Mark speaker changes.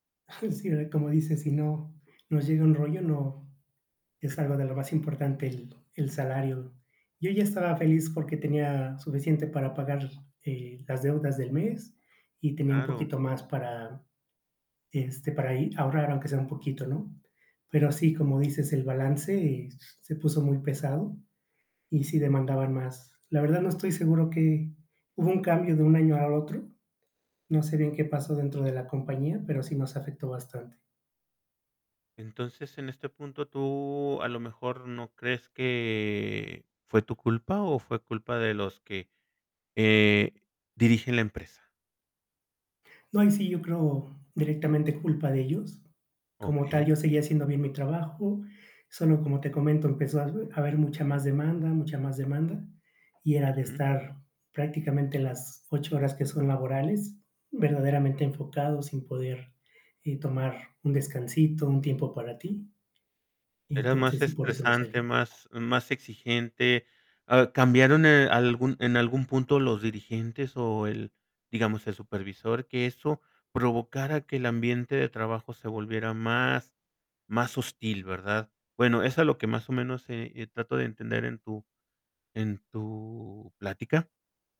Speaker 1: Sí verdad, como dices, si no, nos llega un rollo, no, es algo de lo más importante el el salario. Yo ya estaba feliz porque, tenía suficiente para pagar, eh, las deudas del mes y tenía un
Speaker 2: Claro.
Speaker 1: poquito más para, este, para ahí ahorrar aunque sea un poquito, ¿no? Pero así, como dices, el balance se puso muy pesado y sí demandaban más. La verdad no estoy seguro qué hubo un cambio de un año a otro, no sé, bien qué pasó dentro de la compañía, pero, sí nos afectó bastante.
Speaker 2: Entonces, en este punto, ¿tú, a lo mejor, no crees que fue tu culpa, o fue culpa de los que, eh, dirigen la empresa?
Speaker 1: No, ahí sí yo creo directamente culpa de ellos, como tal
Speaker 2: Okey.
Speaker 1: yo seguía haciendo bien mi trabajo, solo, como te comento, empezó a hab a haber mucha más demanda, mucha más demanda, y era de
Speaker 2: Ujú.
Speaker 1: estar prácticamente las 8 horas que son laborales, verdaderamente enfocados, sin poder, eh, tomar un descansito, un tiempo para ti. Y
Speaker 2: Era más
Speaker 1: entonces, sí, por eso me
Speaker 2: estresante,
Speaker 1: salí.
Speaker 2: más más exigente, ah, ¿cambiaron, eh, algún en algún punto los dirigentes o el, digamos, el supervisor?, que eso provocara que el ambiente de trabajo se volviera más más hostil, ¿verdad? Bueno, es a lo que más o menos, eh eh, trato de entender en tu en tu plática.